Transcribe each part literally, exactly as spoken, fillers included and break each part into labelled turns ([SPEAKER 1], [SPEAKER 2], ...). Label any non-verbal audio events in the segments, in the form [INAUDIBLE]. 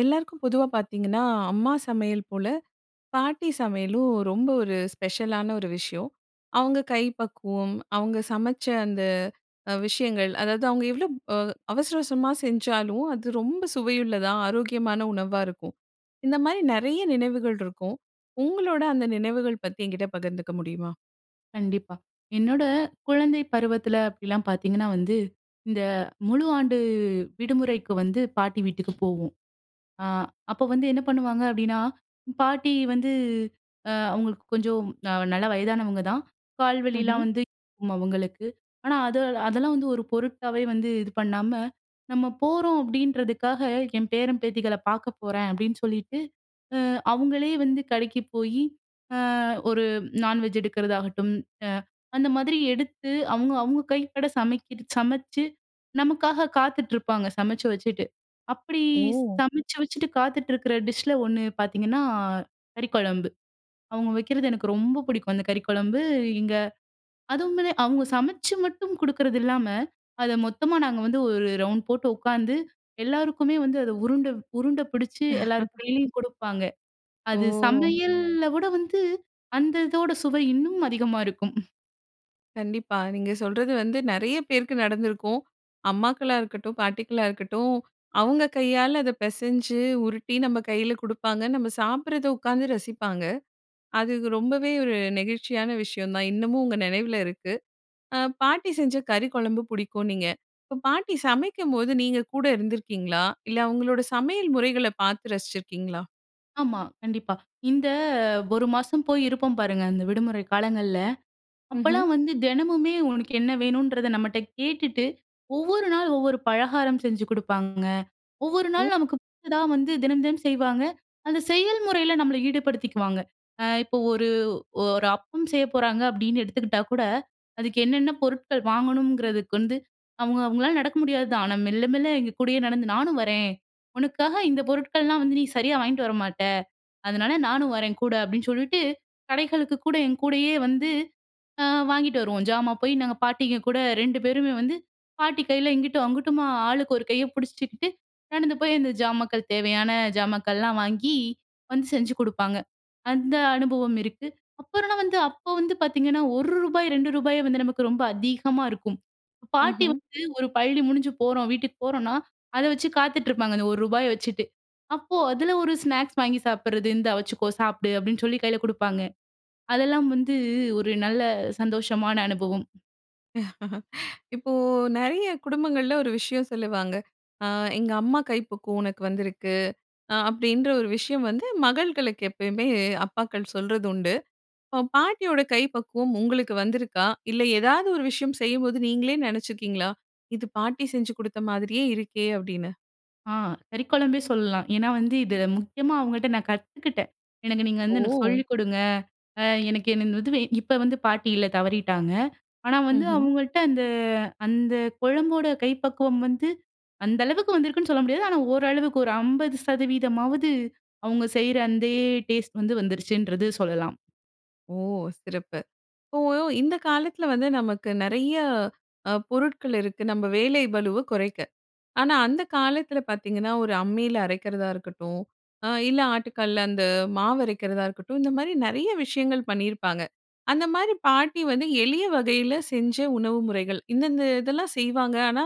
[SPEAKER 1] எல்லாருக்கும் பொதுவா பார்த்தீங்கன்னா, அம்மா சமையல் போல பாட்டி சமையலும் ரொம்ப ஒரு ஸ்பெஷலான ஒரு விஷயம். அவுங்க கை பக்குவம் அவுங்க சமைச்ச அந்த அ விஷயங்கள், அதாவது அவுங்க எவ்ளோ அ அவசர, அவசரமா செஞ்சாலும், அது ரொம்ப சுவையுள்ளதா ஆரோக்கியமான உணவா இருக்கும். இந்தமாரி நிறைய நினைவுகள் இருக்கும். உங்களோட அந்த நினைவுகள் பத்தி என்கிட்ட பகிர்ந்துக்க முடியுமா?
[SPEAKER 2] கண்டிப்பா. என்னோட குழந்தை பருவத்தில அப்பிடிலாம் பார்த்தீங்கன்னா வந்து, இந்த முழு ஆண்டு விடுமுறைக்கு வந்து பாட்டி வீட்டுக்கு போவோம். அ அப்ப வந்து என்ன பண்ணுவாங்க அப்பிடின்னா, பாட்டி வந்து அ அவுங்களுக்கு கொஞ்சம் நல்ல வயதானவங்கதான். கால்
[SPEAKER 1] ம்ஹ்ம்.
[SPEAKER 2] வலிலாம் வந்து [UNINTELLIGIBLE] அவுங்களுக்கு. ஆனா, அது, அதெல்லாம் வந்து ஒரு பொருட்டாவே வந்து இது பண்ணாம, நம்ம போறோம் அப்பிடின்றதுக்காக என் பேரன், பேத்திகள பாக்கப்போறேன், அப்பிடின்னு சொல்லிட்டு, அ அவுங்களே வந்து கடைக்கு போயி, அ ஒரு [SMACKS LIPS] நான்வெஜ் எடுக்கிறதாகட்டும், அ அந்தமாரி எடுத்து, அவுங்க, அவுங்க கைப்பட சமைக்கிற சமச்சு நமக்காக காத்துட்ருப்பாங்க. சமைச்சு வச்சுட்டு. அப்பிடி
[SPEAKER 1] ஓ!
[SPEAKER 2] சமச்சு வச்சுட்டு காத்துட்டு இருக்கிற டிஷ்ல ஒன்னு பார்த்தீங்கன்னா, கறிக்குழம்பு. அவுங்க வைக்கிறது எனக்கு ரொம்ப புடிக்கும். அந்த கறிக்குழம்பு, இங்க அதுவுமே அவுங்க சமச்சு மட்டும் குடுக்கிறதில்லாம, அத மொத்தமா நாங்க வந்து ஒரு ரவுண்ட் போட்டு உக்கார்ந்து, எல்லாருக்குமே வந்து அத உருண்ட, உருண்ட பிடிச்சி எல்லாரு
[SPEAKER 1] [LAUGHS]
[SPEAKER 2] கையிலயும் குடுப்பாங்க. அது
[SPEAKER 1] ஓ!
[SPEAKER 2] சமையல்ல விட வந்து, அந்த இதோட சுவை இன்னும் அதிகமா இருக்கும்.
[SPEAKER 1] கண்டிப்பா. நீங்க சொல்றது வந்து நிறைய பேருக்கு நடந்திருக்கும். அம்மாக்களாருக்கட்டும், பாட்டிக்களாருக்கட்டும். அவங்க கையால, அதை பிசஞ்சு உருட்டி நம்ம கையில் குடுப்பாங்க. நம்ம சாப்பிடுறத உட்காந்து ரசிப்பாங்க. அது ரொம்பவே ஒரு நெகிழ்ச்சியான விஷயம் தான். இன்னமும் உங்க நினைவில இருக்கு. அ பாட்டி செஞ்ச கறி குழம்பு புடிக்கும்னீங்க. இப்ப பாட்டி சமைக்கும்போது நீங்க கூட இருந்திருக்கீங்களா? இல்ல அவுங்களோட சமையல் முறைகள பார்த்து ரசிச்சிருக்கீங்களா?
[SPEAKER 2] ஆமா. கண்டிப்பா. இந்த ஒரு மாசம் போய் இருப்போம் பாருங்க, அந்த விடுமுறை காலங்கள்ல.
[SPEAKER 1] ம்ஹ்ம்.
[SPEAKER 2] அப்போலாம் வந்து தினமுமே உனக்கு என்ன வேணுன்றத நம்மட்ட கேட்டுட்டு, ஒவ்வொரு நாள் ஒவ்வொரு பலகாரம் செஞ்சு குடுப்பாங்கங்க. ஒவ்வொரு
[SPEAKER 1] ம்.
[SPEAKER 2] நாள் நமக்கு பிடிச்சதா வந்து தினம், தினம் செய்வாங்க. அந்த செயல் முறையில நம்மள ஈடுபடுத்திக்குவாங்க. அ இப்ப ஒரு, ஒரு அப்பம் செய்ய போறாங்க அப்பிடின்னு எடுத்துக்கிட்டா கூட. அதுக்கு என்னென்ன பொருட்கள் வாங்கணுங்கிறதுக்கு வந்து அவுங்க அவுங்களால நடக்க முடியாது தான். ஆனா, மெல்ல, மெல்ல எங்க கூடயே நடந்து நானும் வரேன். உனக்காக இந்த பொருட்கள்லாம் வந்து நீ சரியாக வாங்கிட்டு வரமாட்ட. அதனால நானும் வரேன் கூட அப்பிடின்னு சொல்லிட்டு, கடைகளுக்கு கூட என் கூடயே வந்து அ வாங்கிட்டு வருவோம். ஜாமான் போய் நாங்க பாட்டிங்க கூட ரெண்டு பேருமே வந்து பாட்டி கையில இங்கிட்டும் அங்கிட்டுமா ஆளுக்கு ஒரு கைய பிடிச்சுக்கிட்டு நடந்து போய் அந்த ஜாமாக்கள் தேவையான ஜாமாக்கள்லாம் வாங்கி வந்து செஞ்சு குடுப்பாங்க. அந்த அனுபவம் இருக்கு. அப்புறனா வந்து அப்போ வந்து பார்த்தீங்கன்னா, ஒரு ரூபாய் ரெண்டு ரூபாயே வந்து நமக்கு ரொம்ப அதிகமாக இருக்கும். பாட்டி
[SPEAKER 1] ம்ஹ்ம்.
[SPEAKER 2] வந்து ஒரு பள்ளி முடிஞ்சு போறோம். வீட்டுக்கு போறோன்னா, அத வச்சு காத்துட்டு இருப்பாங்க. அந்த ஒரு ரூபாய வச்சுட்டு. அப்போ அதில ஒரு ஸ்நாக்ஸ் வாங்கி சாப்பிட்றது. இந்தா வச்சுக்கோ! சாப்பிடு அப்பிடின்னு சொல்லி கையில குடுப்பாங்க. அதெல்லாம் வந்து ஒரு நல்ல சந்தோஷமான அனுபவம்.
[SPEAKER 1] [LAUGHS] இப்போ நிறைய குடும்பங்கள்ல ஒரு விஷயம் சொல்லுவாங்க. அ எங்க அம்மா கை பக்குவம் உனக்கு வந்திருக்கு, அ அப்படின்ற ஒரு விஷயம் வந்து மகள்களுக்கு, எப்பயுமே அப்பாக்கள் சொல்றது உண்டு. இப்ப பாட்டியோட கை பக்குவம் உங்களுக்கு வந்திருக்கா, இல்லை ஏதாவது ஒரு விஷயம் செய்யும்போது நீங்களே நினைச்சுருக்கீங்களா? இது பாட்டி செஞ்சு கொடுத்த மாதிரியே இருக்கே அப்படின்னு.
[SPEAKER 2] ஆ, கறிக்குழம்பே சொல்லலாம். ஏன்னா, வந்து இத முக்கியமா அவங்கள்ட்ட நான் கத்துக்கிட்டே. எனக்கு நீங்க வந்து எனக்கு
[SPEAKER 1] ஓ!
[SPEAKER 2] சொல்லிக்கொடுங்க அ எனக்கு என்ன இது வே இப்ப வந்து பாட்டியில்ல தவறிட்டாங்க. ஆனா வந்து
[SPEAKER 1] ம்ஹ்ம்.
[SPEAKER 2] அவுங்கள்ட்ட அந்த அந்த குழம்போட கை பக்குவம் வந்து, அந்த அளவுக்கு வந்திருக்குன்னு சொல்ல முடியாது. ஆனா ஓரளவுக்கு ஒரு ஐம்பது சதவீதமாவது அவுங்க செய்ற அந்தே டேஸ்ட் வந்து வந்துடுச்சின்றது சொல்லலாம்.
[SPEAKER 1] ஓ! சிறப்பு. இப்போ இந்த காலத்துல வந்து நமக்கு நிறைய, அ பொருட்கள் இருக்கு நம்ம வேலை பளுவை குறைக்க. ஆனா அந்த காலத்துல பார்த்தீங்கன்னா, ஒரு அம்மியில அரைக்கிறதா இருக்கட்டும், அ இல்ல ஆட்டுக்கல்ல அந்த மாவு அரைக்கிறதா இருக்கட்டும். இந்த மாதிரி நிறைய விஷயங்கள் பண்ணியிருப்பாங்க, அந்த மாதிரி பாட்டி வந்து எளிய வகையில செஞ்ச உணவு முறைகள், இந்தந்த இதெல்லாம் செய்வாங்க, ஆனா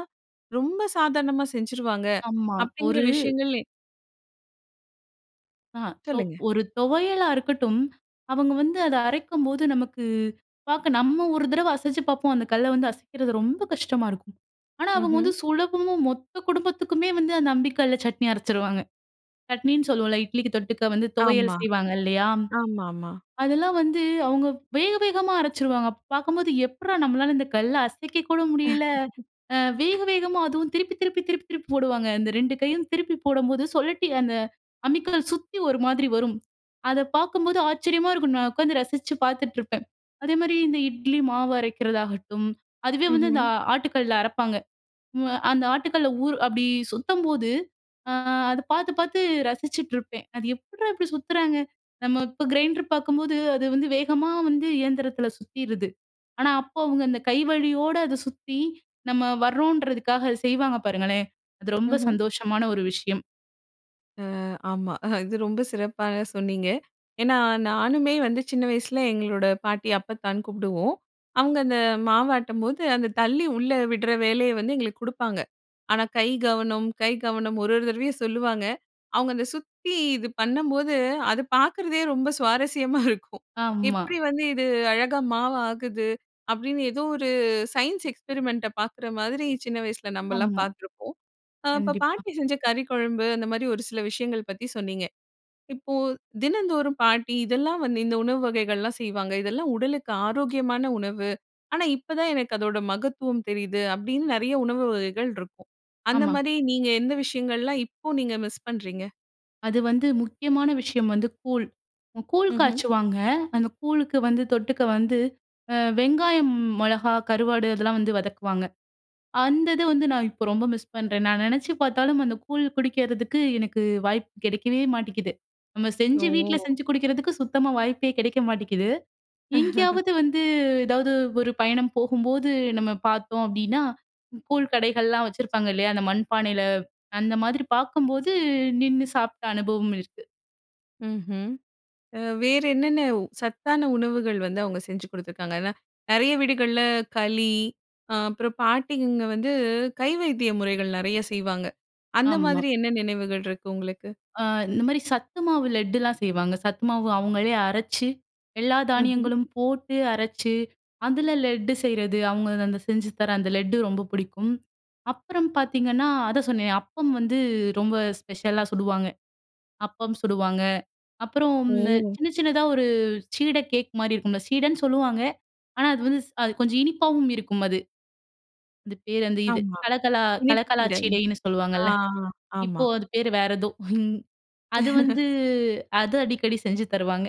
[SPEAKER 1] ரொம்ப சாதாரணமா செஞ்சுருவாங்க
[SPEAKER 2] ஆமா,
[SPEAKER 1] அப்படிங்கிற
[SPEAKER 2] ஒரு
[SPEAKER 1] விஷயங்கள். எ
[SPEAKER 2] ஆ இப்ப
[SPEAKER 1] சொல்லுங்க.
[SPEAKER 2] ஒரு துவையலா இருக்கட்டும், அவுங்க வந்து அத அரைக்கும்போது நமக்கு பார்க்க நம்ம ஒரு தடவ அசச்சு பார்ப்போம். அந்த கல்ல வந்து அசைக்கிறது ரொம்ப கஷ்டமா இருக்கும். ஆனா, அவுங்க வந்து
[SPEAKER 1] ம்ஹ்ம்.
[SPEAKER 2] சுலபமும், மொத்த குடும்பத்துக்குமே வந்து அந்த அம்மிக்கல்ல சட்னி அரச்சிருவாங்க! சட்னின்னு சொல்லுவோம்ல. இட்லிக்கி தொட்டுக்க வந்து துவையல்
[SPEAKER 1] ஆமா.
[SPEAKER 2] செய்வாங்க இல்லயா?
[SPEAKER 1] ஆமாமா.
[SPEAKER 2] அதெல்லாம் வந்து அவுங்க வேக வேகமா அரச்சிருவாங்க. பார்க்கும்போது, எப்புட்றா நம்மளால இந்த கல்ல அசைக்கக்கூட முடியல அ வேக,
[SPEAKER 1] [LAUGHS]
[SPEAKER 2] வேகமா அதுவும் திருப்பி, திருப்பி, திருப்பி, திருப்பி போடுவாங்க. இந்த ரெண்டு கையும் திருப்பி போடம்போது, சொழட்டி அந்த அம்மிக்கல்ல சுத்தி ஒரு மாதிரி வரும். அத பார்க்கும்போது ஆச்சரியமா இருக்கும்! நான் உட்காந்து ரசித்து பார்த்துட்டு இருப்பேன். அதேமாரி இந்த இட்லி மாவு அரைக்கிறதாகட்டும், அதுவே வந்து
[SPEAKER 1] ம்ஹ்ம்.
[SPEAKER 2] அ ஆட்டுக்கல்ல அரப்பாங்க. ம் அ அந்த ஆட்டுக்கல்ல ஊறு அப்பிடி சுத்தம்போது, அ அத பார்த்து, பார்த்து ரசிச்சுட்டு இருப்பேன். அது எப்புட்றா இப்பிடி சுத்துறாங்க! நம்ம இப்ப கிரைண்ட்ரு பார்க்கும்போது, அது வந்து வேகமா வந்து இயந்திரத்தில சுத்திருது. ஆனா, அப்போ அவுங்க அந்த கை வலியோட அத சுத்தி, நம்ம வர்றோன்றதுக்காக, அத செய்வாங்க பாருங்களேன்! அது ரொம்ப
[SPEAKER 1] ம்ஹ்ம்.
[SPEAKER 2] சந்தோஷமான ஒரு விஷயம்.
[SPEAKER 1] அ ஆமா. இது ரொம்ப சிறப்பாக சொன்னீங்க. ஏன்னா, "நானுமே வந்து சின்ன வயசில எங்களோட பாட்டி, அப்பத்தான்னு கூப்டுவோம். அவுங்க அந்த மாவாட்டும்போது, அந்த தள்ளி உள்ளே உட்ற வேலைய வந்து எங்களுக்கு குடுப்பாங்க. ஆனா, கை கவனம், கை கவனம் ஒரு ஒரு தடவையும் சொல்லுவாங்க." அவுங்க அந்த சுத்தி இது பண்ணம்போது, அது பாக்குறதே ரொம்ப சுவாரஸ்யமா [CHUCKLES] இருக்கும்.
[SPEAKER 2] ஆமா.
[SPEAKER 1] எப்பிடி வந்து இது அழகா மாவாகுது? அப்பிடின்னு ஏதோ ஒரு சயின்ஸ் எக்ஸ்பெரிமெண்ட்ட பார்க்குற மாதிரி, சின்ன வயசுல நம்மல்லாம்
[SPEAKER 2] ஆமா.
[SPEAKER 1] பார்த்துருப்போம். அ இப்ப
[SPEAKER 2] கண்டிப்பா.
[SPEAKER 1] பாட்டி செஞ்ச கறி குழம்பு, அந்தமாரி ஒரு சில விஷயங்கள் பத்தி சொன்னீங்க. இப்போ தினந்தோறும் பாட்டி இதெல்லாம் வந்து இந்த உணவு வகைகள்லாம் செய்வாங்க. இதெல்லாம் உடலுக்கு ஆரோக்கியமான உணவு. ஆனா, இப்பதான் எனக்கு அதோட மகத்துவம் தெரியுது. அப்பிடின்னு நிறைய உணவு வகைகள் இருக்கும்.
[SPEAKER 2] ஆமா.
[SPEAKER 1] அந்தமாரி நீங்க எந்த விஷயங்கள்லாம் இப்போ நீங்க மிஸ் பண்ணுறீங்க?
[SPEAKER 2] அது வந்து, முக்கியமான விஷயம் வந்து கூழ். கூழ்
[SPEAKER 1] ம்ஹ்ம்.
[SPEAKER 2] காய்ச்சுவாங்க. அந்த கூழுக்கு வந்து தொட்டுக்க வந்து அ வெங்காயம், மொளகா, கருவாடு அதெல்லாம் வந்து வதக்குவாங்க. அந்த இது வந்து நான் இப்ப ரொம்ப மிஸ் பண்றேன் நானு. நா நெனைச்சு பார்த்தாலும் அந்த கூழ் குடிக்கிறதுக்கு எனக்கு வாய்ப்பு கிடைக்கவே மாட்டீக்குது! நம்ம செஞ்சு வீட்ல
[SPEAKER 1] ஓ!
[SPEAKER 2] செஞ்சு குடிக்கிறதுக்கு சுத்தமா வாய்ப்பே கிடைக்க மாட்டீக்குது.
[SPEAKER 1] [CHUCKLES]
[SPEAKER 2] எங்கேயாவது வந்து ஏதாவது ஒரு பயணம் போகும்போது நம்ம பார்த்தோம் அப்டின்னா? கூழ் கடைகள்லாம் வச்சிருப்பாங்க இல்லையா! அந்த மண்பானையில அந்த மாதிரி பார்க்கும்போது நின்னு சாப்பிட்ட அனுபவம் இருக்கு.
[SPEAKER 1] ம்ஹ்ம். அ வேற என்னென்ன சத்தான உணவுகள் வந்து அவங்க செஞ்சு குடுத்திருக்காங்க? நறைய வீடுகள்ல களி ஆ அப்புறம் பாட்டிங்க வந்து கை வைத்திய முறைகள் நறைய செய்வாங்க. அந்த
[SPEAKER 2] ஆம்மா.
[SPEAKER 1] மாதிரி என்ன நினைவுகள் இருக்கு உங்களுக்கு?
[SPEAKER 2] அ இந்த மாதிரி சத்து மாவு லெட்டுலாம் செய்வாங்க. சத்துமாவு அவங்களே அரைச்சு எல்லா
[SPEAKER 1] ம்ஹ்ம்.
[SPEAKER 2] தானியங்களும் போட்டு அரச்சு அதுல லெட்டு செய்றது. அவங்க அந்த செஞ்சு தர அந்த லெட்டு ரொம்ப புடிக்கும். அப்புறம் பார்த்தீங்கன்னா, அதான் சொன்னேன் அப்பம் வந்து ரொம்ப ஸ்பெஷலா சுடுவாங்க. அப்பம் சுடுவாங்க, அப்புறம் இந்த
[SPEAKER 1] ஓ!
[SPEAKER 2] சின்ன, சின்னதா ஒரு சீட கேக் மாரி இருக்கும்ல! சீடன்னு சொல்லுவாங்க. ஆனா, அது வந்து ஸ் அது கொஞ்சம் இனிப்பாவும் இருக்கும் அது. அது பேர் அந்த இது
[SPEAKER 1] ஆமா.
[SPEAKER 2] கலகலா
[SPEAKER 1] இனிப்பு
[SPEAKER 2] கலகலா
[SPEAKER 1] சீட.
[SPEAKER 2] சீடைனு
[SPEAKER 1] ஆ,
[SPEAKER 2] சொல்லுவாங்கல்ல!
[SPEAKER 1] ஆமா.
[SPEAKER 2] இப்போ அது பேரு வேற ஏதோ? [CHUCKLES] அது வந்து
[SPEAKER 1] [CHUCKLES]
[SPEAKER 2] அது அடிக்கடி செஞ்சு தருவாங்க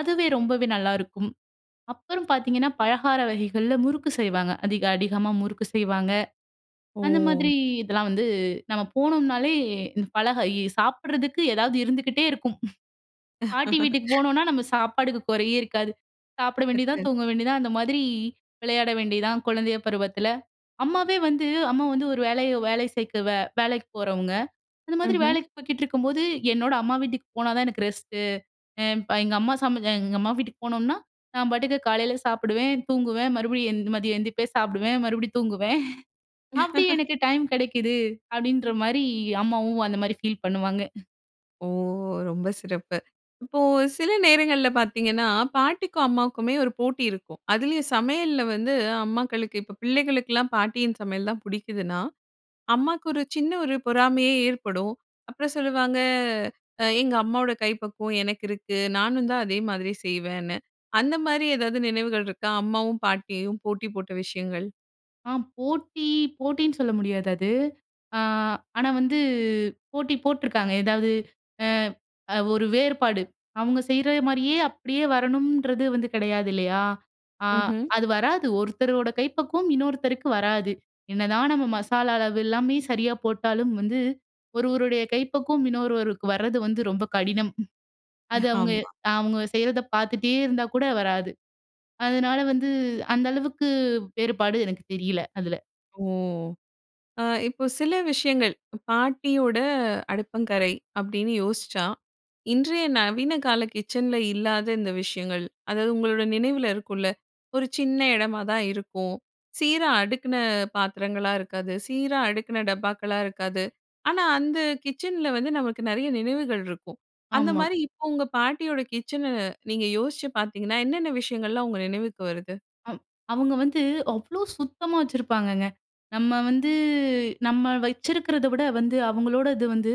[SPEAKER 2] அதுவே ரொம்பவே நல்லாருக்கும். அப்புறம் பார்த்தீங்கன்னா பலகார வகைகள்ல முறுக்கு செய்வாங்க. அதிக அதிகமா முறுக்கு செய்வாங்க. அந்த
[SPEAKER 1] ஓ!
[SPEAKER 2] மாதிரி இதெல்லாம் வந்து நம்ம போனோம்னாலே பழக சாப்பிடுறதுக்கு ஏதாவது இருந்துகிட்டே இருக்கும். [CHUCKLES] பாட்டி வீட்டுக்கு
[SPEAKER 1] [LAUGHS]
[SPEAKER 2] போனோம்னா நம்ம சாப்பாடுக்கு குறையே இருக்காது! சாப்பிட வேண்டியது தான்,
[SPEAKER 1] [UNINTELLIGIBLE]
[SPEAKER 2] தூங்க வேண்டியதுதான். அந்த மாதிரி விளையாட வேண்டியது தான். குழந்தைய பருவத்துல. அம்மாவே வந்து அம்மா வந்து ஒரு வேலைய வேலை சேர்க்கவ வேலைக்கு போறவங்க. அந்த மாதிரி
[SPEAKER 1] ம்ஹ்ம்.
[SPEAKER 2] வேலைக்கு போய்கிட்டு இருக்கும்போது என்னோட அம்மா வீட்டுக்கு போனா தான் எனக்கு ரெஸ்ட்டு எ எங்க அம்மா சமை எங்க அம்மா வீட்டுக்கு போனோம்னா நான் பாட்டுக்கு காலையில சாப்பிடுவேன், தூங்குவேன், மறுபடியும் எந் மதியம் எந்திரிப்பே சாப்பிடுவேன், மறுபடியும் தூங்குவேன். [CHUCKLES] அப்டி
[SPEAKER 1] [LAUGHS]
[SPEAKER 2] எனக்கு டைம் கிடைக்குது அப்டின்ற மாரி அம்மாவும் அந்த மாரி ஃபீல் பண்ணுவாங்க.
[SPEAKER 1] ஓ! ரொம்ப சிறப்பு. இப்போ சில நேரங்கள்ல பார்த்தீங்கன்னா, பாட்டிக்கும் அம்மாவுக்குமே ஒரு போட்டி இருக்கும். அதுலயும் சமையல்ல வந்து அம்மாக்களுக்கு இப்ப பிள்ளைகளுக்கெல்லாம் பாட்டியின் சமையல் தான் புடிக்குதுன்னா, அம்மாக்கு ஒரு சின்ன ஒரு பொறாமையே ஏற்படும். அப்பறம் சொல்லுவாங்க "அ எங்க அம்மாவோட கை பக்குவம் எனக்கிருக்கு. நானுந்தான் அதே மாதிரி செய்வேன்னு." அந்த மாரி ஏதாவது நினைவுகள் இருக்கா? அம்மாவும், பாட்டியும் போட்டி போட்ட விஷயங்கள்?
[SPEAKER 2] ஆ. போட்டி, போட்டின்னு சொல்ல முடியாது அது. ஆ ஆனா வந்து போட்டி போட்டுருக்காங்க. எதாவது அ அ ஒரு வேறுபாடு. அவங்க செய்ற மாரியே அப்படியே வரணுன்றது வந்து கிடையாது இல்லையா? ஆ
[SPEAKER 1] ம்ஹ்ம்.
[SPEAKER 2] அது வராது. ஒருத்தரோட கைப்பக்குவம் இன்னொருத்தருக்கு வராது! என்னதான் நம்ம மசாலா அளவு எல்லாமே சரியா போட்டாலும் வந்து, ஒருவருடைய கைப்பக்குவம், இன்னொருவருக்கு வரது வந்து ரொம்ப கடினம்! அது அவங்க
[SPEAKER 1] ஆமா.
[SPEAKER 2] அவங்க செய்றத பார்த்துட்டே இருந்தா கூட வராது. அதுனால வந்து அந்த அளவுக்கு வேறுபாடு எனக்கு தெரியல. அதுல.
[SPEAKER 1] ஓ! அ இப்ப சில விஷயங்கள். பாட்டியோட அடுப்பங்கரை அப்படின்னு யோசிச்சா, இன்றைய நவீனகால கிச்சன்ல இல்லாத இந்த விஷயங்கள். அதாவது உங்களோட நினைவுல இருக்கும்ல. ஒரு சின்ன இடமா தான் இருக்கும். சீரா அடுக்குன பாத்திரங்களா இருக்காது. சீரா அடுக்குன டப்பாக்களா இருக்காது. ஆனா அந்த கிச்சன்ல வந்து நமக்கு நெறைய நினைவுகள் இருக்கும். அந்த
[SPEAKER 2] ஆமா.
[SPEAKER 1] மாரி இப்ப உங்க பாட்டியோட கிச்சன நீங்க யோசிச்சு பார்த்தீங்கன்னா, என்னென்ன விஷயங்கள்லாம் உங்க நினைவுக்கு வருது?
[SPEAKER 2] அ அவுங்க வந்து அவ்ளோ சுத்தமா வச்சுருப்பாங்கங்க. நம்ம வந்து நம்ம வைச்சுருக்குறத விட வந்து அவுங்களோட இது வந்து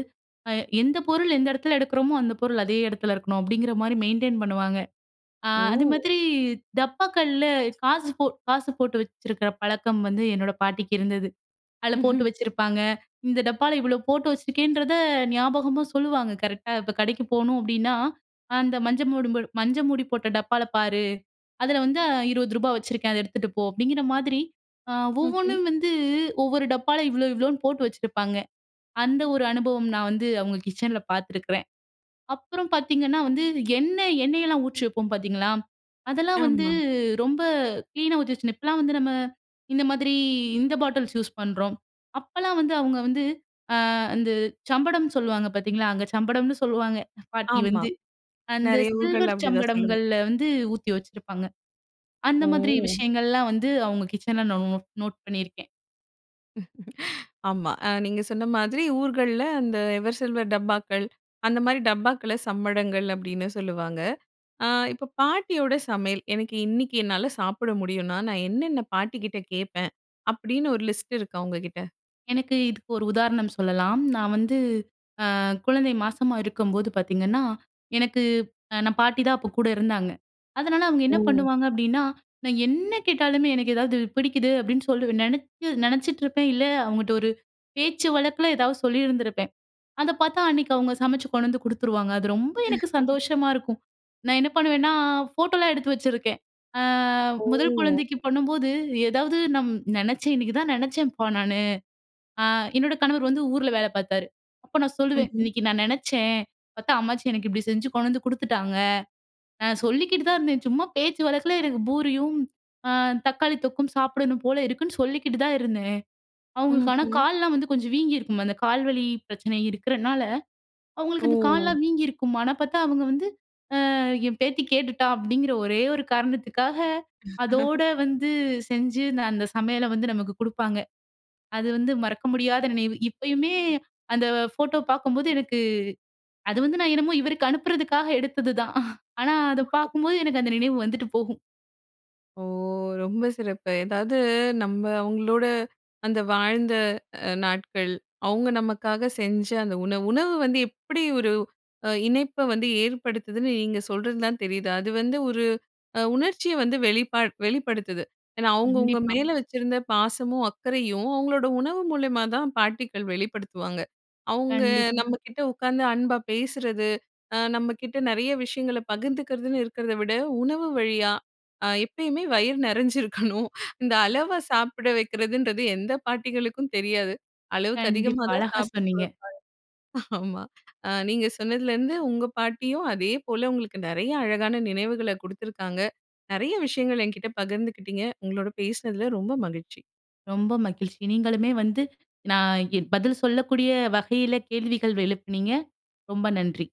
[SPEAKER 2] அ எந்த பொருள் எந்த எடத்துல எடுக்குறோமோ அந்த பொருள் அதே எடத்துல இருக்கணும், அப்டிங்கிற மாரி மெயின்டெயின் பண்ணுவாங்க. அ
[SPEAKER 1] ஓ!
[SPEAKER 2] அதுமாதிரி டப்பாக்கள்ல காசு போ காசு போட்டு வச்சிருக்குற பழக்கம் வந்து என்னோட பாட்டிக்கு இருந்தது. அதுல போட்டு
[SPEAKER 1] ம்ஹ்ம்.
[SPEAKER 2] வச்சுருப்பாங்க. இந்த டப்பால இவ்ளோ போட்டு வச்சுருக்கேன்றத நியாபகமா சொல்லுவாங்க கரெக்ட்‌டா. இப்போ கடைக்கு போணும் அப்டின்னா, "அந்த மஞ்ச மோடு மஞ்ச மூடி போட்ட டப்பால பாரு, அதுல வந்து இருபது ரூபா வச்சிருக்கேன் அத எடுத்துட்டு போ" அப்டிங்கிற மாதிரி
[SPEAKER 1] ம்ஹ்ம்.
[SPEAKER 2] ஒவ்வொன்னும் வந்து ஒவ்வொரு டப்பால இவ்ளோ இவ்ளோன்னு போட்டு வச்சிருப்பாங்க. அந்த ஒரு அனுபவம் நா வந்து அவுங்க கிச்சன்ல பாத்துருக்குறேன். அப்புறம் பாத்தீங்கன்னா, வந்து எண்ண எண்ணெயெல்லாம் ஊற்றி வப்போம் பாத்தீங்களா? அதெல்லாம் வந்து
[SPEAKER 1] ஆமா.
[SPEAKER 2] ரொம்ப க்ளீனா ஊத்தி வச்சு, இப்பலாம் வந்து நம்ம இந்த மாதிரி, இந்த பாட்டில்ஸ் யூஸ் பண்றோம். அப்பலாம் வந்து அவுங்க வந்து அ அந்த சம்படம்னு சொல்வாங்க பாத்தீங்களா? அங்க சம்படம்னு சொல்லுவாங்க, எங்க பாட்டி
[SPEAKER 1] ஆமா,
[SPEAKER 2] வந்து, அந்த
[SPEAKER 1] நெறைய ஊர்கள்ல்
[SPEAKER 2] சில்வர்
[SPEAKER 1] அப்டிதான் சொல்லுவாங்க.
[SPEAKER 2] சம்படங்கள்ல வந்து ஊத்தி வச்சிருப்பாங்க. அந்த மாதிரி
[SPEAKER 1] ஓ!
[SPEAKER 2] விஷயங்கள்லாம் வந்து அவுங்க கிச்சன்ல் நா நோட் நோட் பண்ணிருக்கேன்.
[SPEAKER 1] [LAUGHS] ஆமா. ஆ நீங்க சொன்ன மாதிரி ஊர்கள்ல அந்த எவர்சில்வர் டப்பாக்கள், அந்த மாதிரி டப்பாக்கள்ல சம்படங்கள் அப்பிடின்னு சொல்லுவாங்க. ஆ இப்போ பாட்டியோட சமையல் எனக்கு இன்னக்கி என்னால சாப்பிட முடியுன்னா, நான் என்னென்ன பாட்டிகிட்ட கேப்பேன்? அப்பிடின்னு ஒரு லிஸ்ட் இருக்கா உங்ககிட்ட?
[SPEAKER 2] எனக்கு, இதுக்கு ஒரு உதாரணம் சொல்லலாம். நான் வந்து, அ குழந்தை மாசமா இருக்கும்போது பார்த்தீங்கன்னா, எனக்கு அ நான் பாட்டி தான் அப்போ கூட இருந்தாங்க. அதுனால அவுங்க என்ன
[SPEAKER 1] ஓ!
[SPEAKER 2] பண்ணுவாங்க அப்பிடின்னா! நான் என்ன கேட்டாலுமே எனக்கு ஏதாவது பிடிக்குது அப்பிடின்னு சொல்லி நினச்சி நினச்சிட்ருப்பேன். இல்ல அவுங்ககிட்ட ஒரு பேச்சு வழக்குல ஏதாவது சொல்லியிருந்திருப்பேன். அத பார்த்தா அன்னக்கி அவுங்க சமைச்சு கொண்டு வந்து கொடுத்துருவாங்க. அது ரொம்ப எனக்கு
[SPEAKER 1] [LAUGHS]
[SPEAKER 2] சந்தோஷமா இருக்கும். நான் என்ன பண்ணுவேன்னா, ஃபோட்டோல்லாம் எடுத்து வச்சிருக்கேன். அ முதல்
[SPEAKER 1] ஓ!
[SPEAKER 2] குழந்தைக்கு பண்ணும்போது, ஏதாவது நம் நினைச்சேன் இன்னைக்கு தான் நினச்சேன்ப்பா நானு, அ என்னோட கணவர் வந்து ஊர்ல வேல பாத்தாரு. அப்ப நான் சொல்லுவேன்,
[SPEAKER 1] ம்ஹ்ம்.
[SPEAKER 2] இன்னைக்கி நான் நினச்சேன். பாத்தா அம்மாச்சி எனக்கு இப்பிடி செஞ்சு கொண்டு வந்து குடுத்துட்டாங்க, நான் சொல்லிக்கிட்டு தான் இருந்தேன். சும்மா, பேச்சு வழக்குல எனக்கு பூரியும் அ தக்காளி தொக்கும் சாப்பிடணும் போல இருக்குன்னு சொல்லிக்கிட்டு தான் இருந்தேன். அவங்களுக்கு ஆனா,
[SPEAKER 1] ம்ஹ்ம்.
[SPEAKER 2] காலல்லாம் வந்து கொஞ்சம் வீங்கியிருக்கும். அந்த கால் வலி பிரச்சனை இருக்கிறனால, அவுங்களுக்கு அந்த
[SPEAKER 1] ஓ!
[SPEAKER 2] கால்லலாம் வீங்கியிருக்கும். ஆனா பாத்தா அவுங்க வந்து, அ என் பேத்தி கேட்டுட்டா! அப்பிடிங்கிற, ஒரே ஒரு காரணத்துக்காக, அதோட
[SPEAKER 1] [LAUGHS]
[SPEAKER 2] வந்து செஞ்சு அந்த சமையல வந்து நமக்கு கொடுப்பாங்க. அது வந்து மறக்க முடியாத நினைவு. இப்பயுமே அந்த போட்டோ பாக்கும்போது எனக்கு அது வந்து நான் என்னமோ? இவருக்கு அனுப்புறதுக்காக எடுத்தது தான் ஆனா, அதை
[SPEAKER 1] [CHUCKLES]
[SPEAKER 2] பார்க்கும்போது எனக்கு அந்த நினைவு வந்துட்டு போகும்.
[SPEAKER 1] ஓ! ரொம்ப சிறப்பு, எதாவது நம்ம அவுங்களோட அந்த வாழ்ந்த அ நாட்கள், அவுங்க நமக்காக செஞ்ச அந்த உணவு, உணவு வந்து எப்பிடி ஒரு, அ இணைப்ப வந்து ஏற்படுத்துதுன்னு நீங்க சொல்றது தான் தெரியுது. அது வந்து ஒரு, அ உணர்ச்சிய வந்து வெளிப்பா வெளிப்படுத்துது. ஏன்னா, அவுங்கவுங்க
[SPEAKER 2] கண்டிப்பா.
[SPEAKER 1] மேல வச்சிருந்த பாசமும், அக்கரையும், அவங்களோட உணவு மூலியமா தான் பாட்டிக்கள் வெளிப்படுத்துவாங்க. அவுங்க
[SPEAKER 2] கண்டிப்பா.
[SPEAKER 1] நம்ம கிட்ட உக்காந்து அன்பா பேசுறது, அ நம்மக்கிட்ட நிறைய விஷயங்கள பகிர்ந்துக்கிறதுன்னு இருக்கிறத விட, உணவு வழியா அ எப்பயுமே வயிறு நிறைஞ்சிருக்கணும் இந்த அளவா சாப்பிட வைக்கிறதுன்றது, எந்த பாட்டிகளுக்கும் தெரியாது. அளவுக்கு அதிகமா
[SPEAKER 2] கண்டிப்பா,
[SPEAKER 1] தான்
[SPEAKER 2] அழகா
[SPEAKER 1] சாப்பிடவைப்பாங்க.
[SPEAKER 2] சொன்னீங்க.
[SPEAKER 1] ஆமா, அ நீங்க சொன்னதுலேர்ந்து உங்க பாட்டியும் அதேபோல உங்களுக்கு நிறைய அழகான நினைவுகள குடுத்துருக்காங்க. நிறைய விஷயங்கள் என்கிட்ட பகிர்ந்துகிட்டீங்க. உங்களோட பேசினதுல ரொம்ப மகிழ்ச்சி.
[SPEAKER 2] ரொம்ப மகிழ்ச்சி! நீங்களுமே வந்து நான் எ பதில் சொல்லக்கூடிய வகையில கேள்விகள் எழுப்புனீங்க? ரொம்ப நன்றி.